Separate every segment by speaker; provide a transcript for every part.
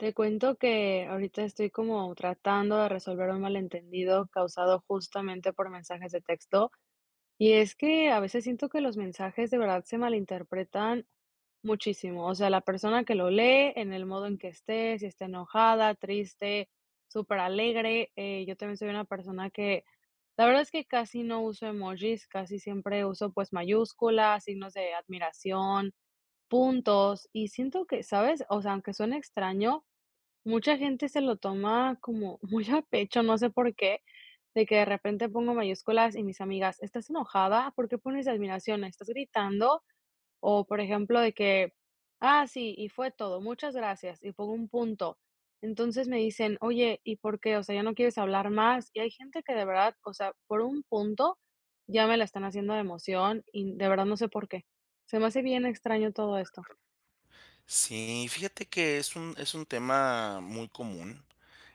Speaker 1: Te cuento que ahorita estoy como tratando de resolver un malentendido causado justamente por mensajes de texto, y es que, a veces siento que los mensajes de verdad se malinterpretan muchísimo, o sea, la persona que lo lee, en el modo en que esté, si está enojada, triste, superalegre, eh, yo también soy una persona que la verdad es que casi no uso emojis, casi siempre uso, pues, mayúsculas, signos de admiración, puntos, y siento que, ¿sabes?, o sea, aunque suene extraño, mucha gente se lo toma como muy a pecho, no sé por qué, de que de repente pongo mayúsculas, y mis amigas: "¿Estás enojada? ¿Por qué pones admiración? ¿Estás gritando?". O, por ejemplo, de que: "Ah, sí, y fue todo, muchas gracias", y pongo un punto, entonces me dicen: "Oye, ¿y por qué?, o sea, ¿ya no quieres hablar más?", y hay gente que de verdad, o sea, por un punto ya me la están haciendo de emoción, y de verdad no sé por qué, se me hace bien extraño todo esto.
Speaker 2: Sí, fíjate que es un es un tema muy común,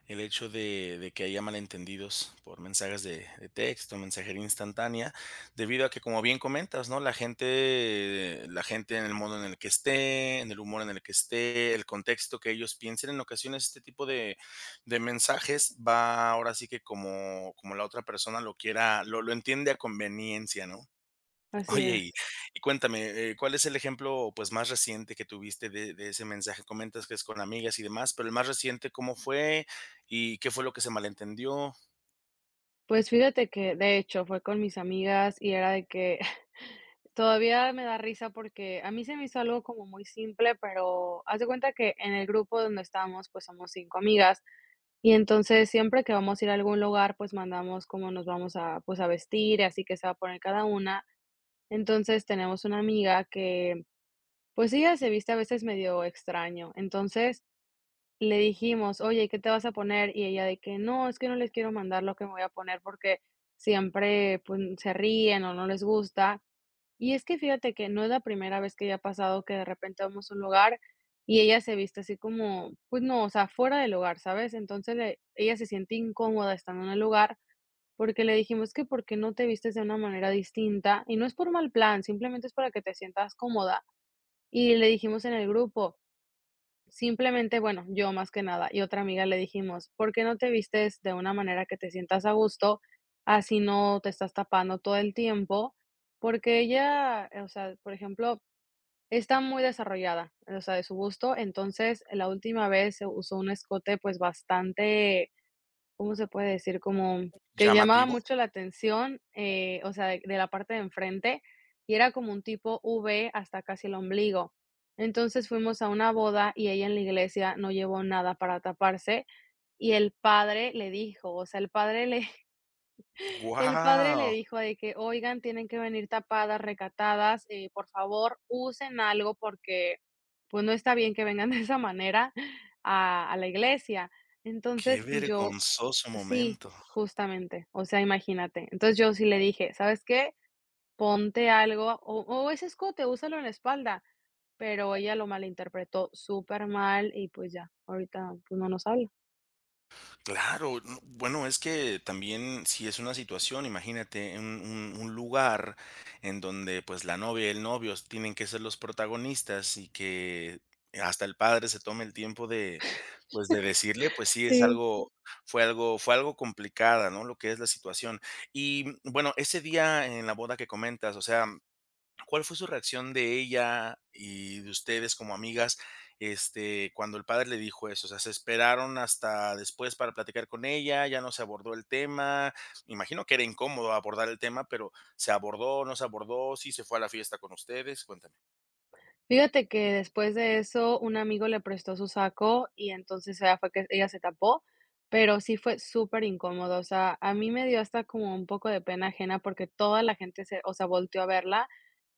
Speaker 2: el hecho de de que haya malentendidos por mensajes de de texto, mensajería instantánea, debido a que, como bien comentas, ¿no?, la gente la gente en el modo en el que esté, en el humor en el que esté, el contexto que ellos piensen en ocasiones, este tipo de de mensajes va ahora sí que como como la otra persona lo quiera, lo lo entiende a conveniencia, ¿no?
Speaker 1: Así
Speaker 2: Oye, y
Speaker 1: es.
Speaker 2: y cuéntame, eh, ¿cuál es el ejemplo, pues, más reciente que tuviste de de ese mensaje que comentas que es con amigas y demás, pero el más reciente, ¿cómo fue? ¿Y qué fue lo que se malentendió?
Speaker 1: Pues, fíjate que de hecho fue con mis amigas, y era de que, todavía me da risa, porque, a mí se me hizo algo como muy simple, pero haz de cuenta que en el grupo donde estamos, pues, somos 5 amigas, y entonces siempre que vamos a ir a algún lugar, pues, mandamos como nos vamos a pues a vestir, y así que se va a poner cada una. Entonces, tenemos una amiga que, pues, ella se viste a veces medio extraño. Entonces le dijimos: "Oye, ¿qué te vas a poner?" Y ella de que: "No, es que no les quiero mandar lo que me voy a poner, porque siempre pun se ríen, o no les gusta". Y es que fíjate que no es la primera vez que ya ha pasado que de repente vamos a un lugar, y ella se viste así como pues no, o sea, fuera del lugar, ¿sabes? Entonces le ella se siente incómoda estando en el lugar, porque le dijimos: "Es que por qué no te vistes de una manera distinta, y no es por mal plan, simplemente es para que te sientas cómoda", y le dijimos en el grupo simplemente bueno, yo más que nada, y otra amiga le dijimos: "¿Por qué no te vistes de una manera que te sientas a gusto?, así no te estás tapando todo el tiempo", porque ella, o sea, por ejemplo, está muy desarrollada, o sea, de su busto, entonces la última vez se usó un escote pues bastante, ¿cómo se puede decir?, como que llamaba
Speaker 2: Llamativo.
Speaker 1: mucho la atención, eh, o sea q de la parte de enfrente, y era como un tipo V hasta casi el ombligo, entonces fuimos a una boda y ella en la iglesia no llevó nada para taparse, y el padre le dijo, o sea, el padre le el padre le
Speaker 2: Wao.
Speaker 1: dijo de que: "Oigan, tienen que venir tapadas, recatadas, eh, por favor, usen algo porque pues no está bien que vengan de esa manera a a la iglesia",
Speaker 2: Qué
Speaker 1: entonces pues yo
Speaker 2: vergonzoso
Speaker 1: Sí,
Speaker 2: momento.
Speaker 1: justamente, o sea, imagínate, entonces yo sí le dije: "¿Sabes qué?, ponte algo, o o ese escote, úsalo en la espalda", pero ella lo malinterpretó súper mal. Y pues, ya, ahorita pues no nos habla.
Speaker 2: Claro, mm, bueno, es que también, si es una situación, imagínate un un un lugar en donde, pues, la novia y el novio s tienen que ser los protagonistas, y que hasta el padre se tome el tiempo de, pues, de decirle, pues sí, es
Speaker 1: Sí.
Speaker 2: algo fue algo fue algo complicada, ¿no?, lo que es la situación, y, mm, bueno, ese día en la boda que comentas, o sea, ¿cuál fue su reacción de ella y de ustedes como amigas, este, cuando el padre le dijo eso, o sea, se esperaron hasta después para platicar con ella, ya no se abordó el tema?, me imagino que era incómodo abordar el tema pero, ¿se abordó, no se abordó, sí se fue a la fiesta con ustedes?, cuéntame.
Speaker 1: Fíjate que, después de eso, un amigo le prestó su saco, y entonces ella fue que ella se tapó, pero sí fue súper incómodo, o sea, a mí me dio hasta como un poco de pena ajena, porque toda la gente se o sea, volteó a verla,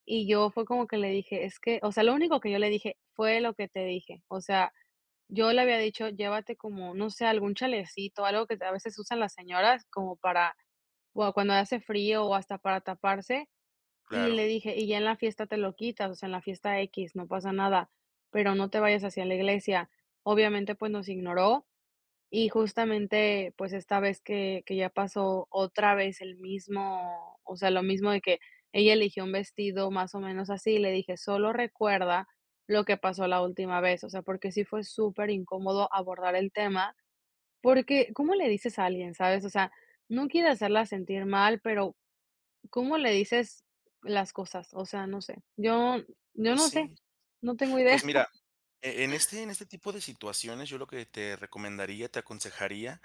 Speaker 1: y yo, fue como que le dije, es que o sea, lo único que yo le dije: "Fue lo que te dije", o sea, yo le había dicho: "Llévate como, no sé, algún chalecito, o algo que a veces usan las señoras, como para, cuando hace frío, o hasta para taparse", y
Speaker 2: Claro.
Speaker 1: le dije: "Y ya en la fiesta te lo quitas", o sea, en la fiesta equis, no pasa nada, pero no te vayas así a la iglesia, obviamente, pues, nos ignoró, y justamente, pues, esta vez que que ya pasó otra vez el mismo o sea, lo mismo de que, ella eligió un vestido más o menos así, le dije: "Solo recuerda lo que pasó la última vez", o sea, porque sí fue súper incómodo abordar el tema porque, ¿cómo le dices a alguien?, ¿sabes?, o sea, no quiere hacerla sentir mal, pero, ¿cómo le dices las cosas?, o sea, no sé, yo yo
Speaker 2: Pues
Speaker 1: no sé,
Speaker 2: sí,
Speaker 1: no tengo idea.
Speaker 2: pues mira, en este en este tipo de situaciones, yo lo que te recomendaría, te aconsejaría,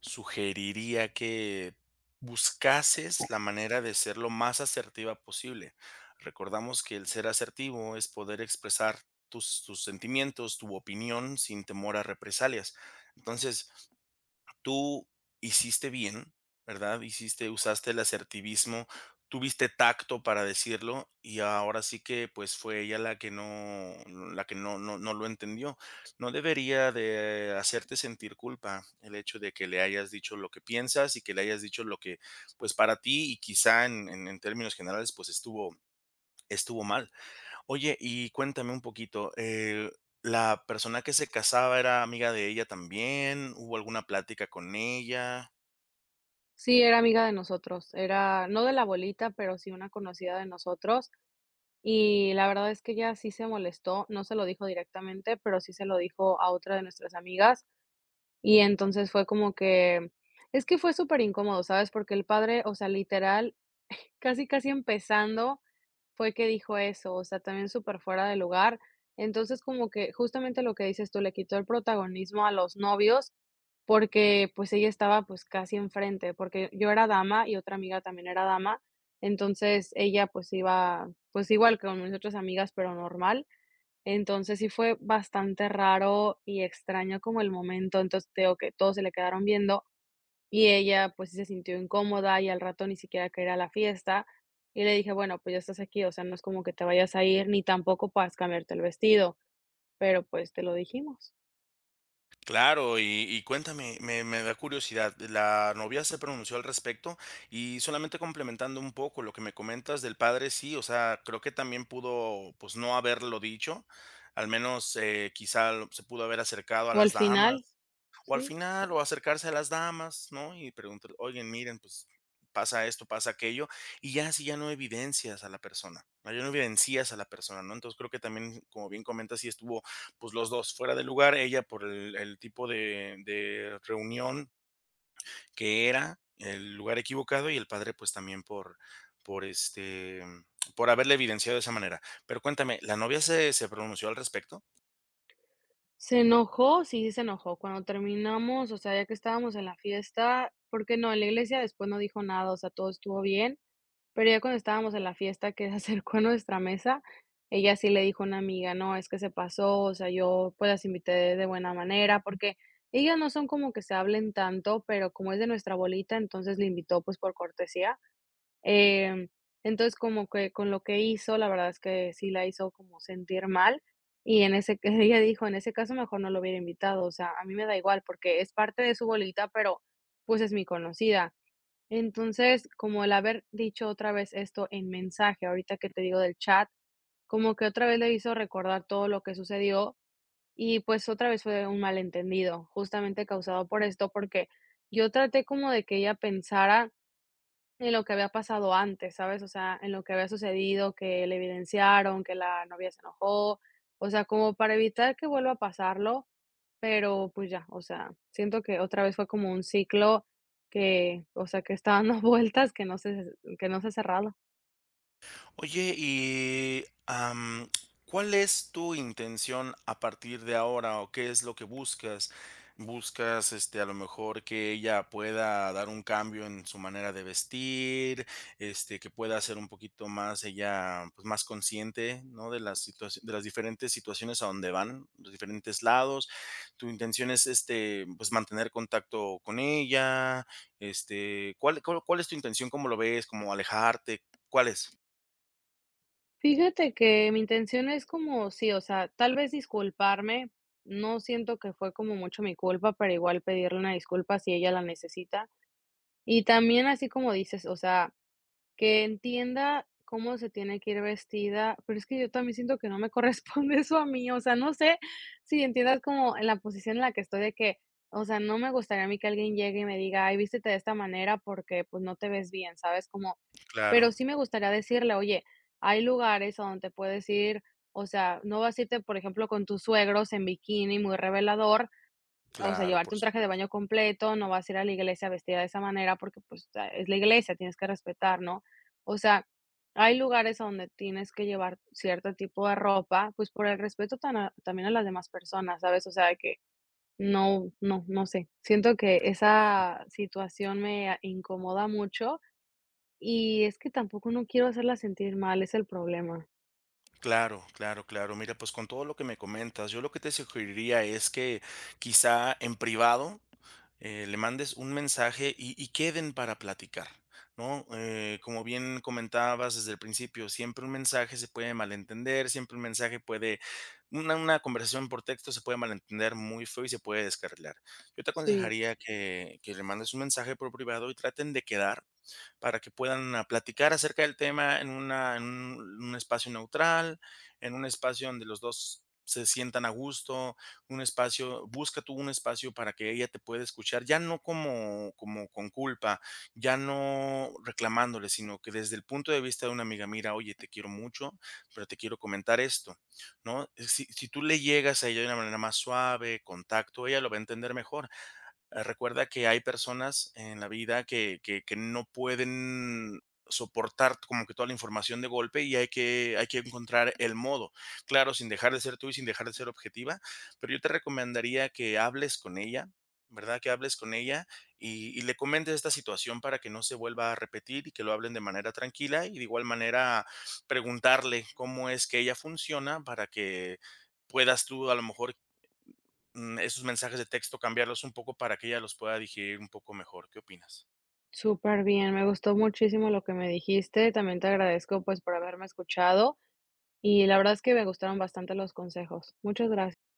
Speaker 2: sugeriría, que buscases la manera de ser lo más asertiva posible, recordamos que el ser asertivo es poder expresar tus tus sentimientos, tu opinión, sin temor a represalias, entonces, tú hiciste bien, ¿verdad?, hiciste usaste el asertivismo, tuviste tacto para decirlo, y ahora sí que, pues, fue ella la que no la que no no no lo entendió, no debería de hacerte sentir culpa el hecho de que le hayas dicho lo que piensas, y que le hayas dicho lo que, pues, para ti y quizá en en en términos generales, pues, estuvo estuvo mal, oye, y cuéntame un poquito, eh, ¿la persona que se casaba era amiga de ella también?, ¿hubo alguna plática con ella?
Speaker 1: Sí, era amiga de nosotros, era no de la bolita, pero sí una conocida de nosotros, y la verdad es que ella sí se molestó. No se lo dijo directamente, pero sí se lo dijo a otra de nuestras amigas, y entonces fue como que es que fue superincómodo, ¿sabes?, porque el padre, o sea literal, casi, casi empezando fue que dijo eso, o sea, también superfuera de lugar, entonces como que justamente lo que dices tú, le quitó el protagonismo a los novios porque, pues, ella estaba, pues, casi enfrente, porque yo era dama y otra amiga también era dama, entonces ella, pues, iba, pues igual que mis otras amigas, pero normal, entonces sí fue bastante raro y extraño como el momento, entonces te digo que, todos se le quedaron viendo y ella pues sí se sintió incómoda y al rato ni siquiera quería ir a la fiesta, y le dije: "Bueno, pues ya estás aquí, o sea, no es como que te vayas a ir ni tampoco puedas cambiarte el vestido, pero pues te lo dijimos".
Speaker 2: Claro, y y cuéntame, me me da curiosidad, ¿la novia se pronunció al respecto?, y solamente complementando un poco lo que me comentas del padre, sí, o sea, creo que también pudo, pues no haberlo dicho. Al menos, eh, quizás se pudo haber acercado a
Speaker 1: O al
Speaker 2: las
Speaker 1: final,
Speaker 2: damas, o al
Speaker 1: sí.
Speaker 2: final, o acercarse a las damas, ¿no?, y preguntar: "Oigan, miren, pues pasa esto, pasa aquello", y ya así ya no evidencias a la persona, no evidencias a la persona, ¿no?, entonces creo que también, como bien comentas, sí estuvo pues los 2 fuera de lugar, ella por el el tipo de de reunión que era el lugar equivocado, y el padre, pues también por por, este, por haberle evidenciado de esa manera. Pero cuéntame, ¿la novia se se pronunció al respecto?
Speaker 1: ¡Se enojó! Sí, se enojó, cuando terminamos, o sea, ya que estábamos en la fiesta, porque no, en la iglesia después no dijo nada. O sea, todo estuvo bien. Pero ya cuando estábamos en la fiesta que se acercó a nuestra mesa, ella sí le dijo a una amiga: "No, es que se pasó. O sea, yo pues las invité de buena manera". Porque, ellas no son como que se hablen tanto, pero como es de nuestra bolita, entonces la invitó, pues por cortesía. Em, entonces como que, con lo que hizo, la verdad es que sí la hizo como sentir mal. Y en ese ca ella dijo: "En ese caso, mejor no lo hubiera invitado". O sea, a mí me da igual porque es parte de su bolita, pero pues es mi conocida. Entonces, como el haber dicho otra vez esto en mensaje ahorita que te digo del chat, como que otra vez le hizo recordar todo lo que sucedió, y pues otra vez fue de un malentendido, justamente causado por esto, porque yo traté como de que ella pensara en lo que había pasado antes, ¿sabes? O sea, en lo que había sucedido, que le evidenciaron, que la novia se enojó. O sea, como para evitar que vuelva a pasarlo. Pero pues ya, o sea, siento que otra vez fue como un ciclo que, o sea, que está dando vueltas que no se que no se ha cerrado.
Speaker 2: Oye, y, am, ¿cuál es tu intención a partir de ahora?, o, ¿qué es lo que buscas? ¿Buscas este a lo mejor que ella pueda dar un cambio en su manera de vestir, este que pueda ser un poquito más ella, pues más consciente?, ¿no? De la situación de las diferentes situaciones a donde van, los diferentes lados, ¿tu intención es, este, pues mantener contacto con ella?, este, ¿cuál cuál cuál es tu intención? ¿Cómo lo ves? ¿Cómo alejarte? ¿Cuál es?
Speaker 1: Fíjate que, mi intención es como sí, o sea, tal vez disculparme. No siento que fue como mucho mi culpa, pero igual pedirle una disculpa si ella la necesita. Y también así como dices, o sea, que entienda cómo se tiene que ir vestida. Pero es que yo también siento que no me corresponde eso a mí, o sea, no sé si entiendas como en la posición en la que estoy de que, o sea, no me gustaría a mí que alguien llegue y me diga: "Ay, vístete de esta manera porque pues no te ves bien". ¿Sabes? Cómo
Speaker 2: Claro.
Speaker 1: pero sí me gustaría decirle: "Oye, hay lugares a donde te puedes ir o sea, no vas a irte, por ejemplo, con tus suegros en bikini muy revelador, o sea,
Speaker 2: Claro, por
Speaker 1: llevarte un traje de
Speaker 2: supuesto.
Speaker 1: baño completo. No vas a ir a la iglesia vestida de esa manera porque pues ta es la iglesia. Tienes que respetar", ¿no? O sea, hay lugares donde tienes que llevar cierto tipo de ropa. Pues por el respeto tan a también a las demás personas, ¿sabes? O sea que no, no, no sé. Siento que
Speaker 2: Sí.
Speaker 1: esa situación me a incomoda mucho. Y, es que tampoco no quiero hacerla sentir mal. Es el problema.
Speaker 2: Claro, claro, claro. Mira, pues, con todo lo que me comentas, yo lo que te sugeriría es que quizá en privado, eh, le mandes un mensaje y y queden para platicar, ¿no?, eh, como bien comentabas desde el principio, siempre un mensaje se puede malentender, siempre un mensaje puede una una conversación por texto se puede malentender muy feo y se puede descarrilar. Yo te
Speaker 1: Sí.
Speaker 2: aconsejaría que que le mandes un mensaje por privado y traten de quedar, para que puedan platicar acerca del tema en una en un espacio neutral, en un espacio donde los 2 se sientan a gusto, un espacio busca tú un espacio para que ella te pueda escuchar, ya no como como con culpa, ya no reclamándole, sino que desde el punto de vista de una amiga: "Mira, oye, te quiero mucho, pero te quiero comentar esto", ¿no? Si si tú le llegas a ella de una manera más suave, con tacto, ella lo va a entender mejor. Ah, recuerda que hay personas en la vida que que que no pueden soportar como que toda la información de golpe, y hay que hay que encontrar el modo. Claro, sin dejar de ser tú y sin dejar de ser objetiva, pero yo te recomendaría que hables con ella, ¿verdad?, que hables con ella, y y le comento esta situación para que no se vuelva a repetir y que lo hablen de manera tranquila y de igual manera, preguntarle cómo es que ella funciona para que puedas tú a lo mejor, mm, esos mensajes de texto cambiarlos un poco para ella los pueda digerir un poco mejor, ¿qué opinas?
Speaker 1: Superbien. Me gustó muchísimo lo que me dijiste. También te agradezco pues, por haberme escuchado, y la verdad es que me gustaron bastante los consejos. Muchas grac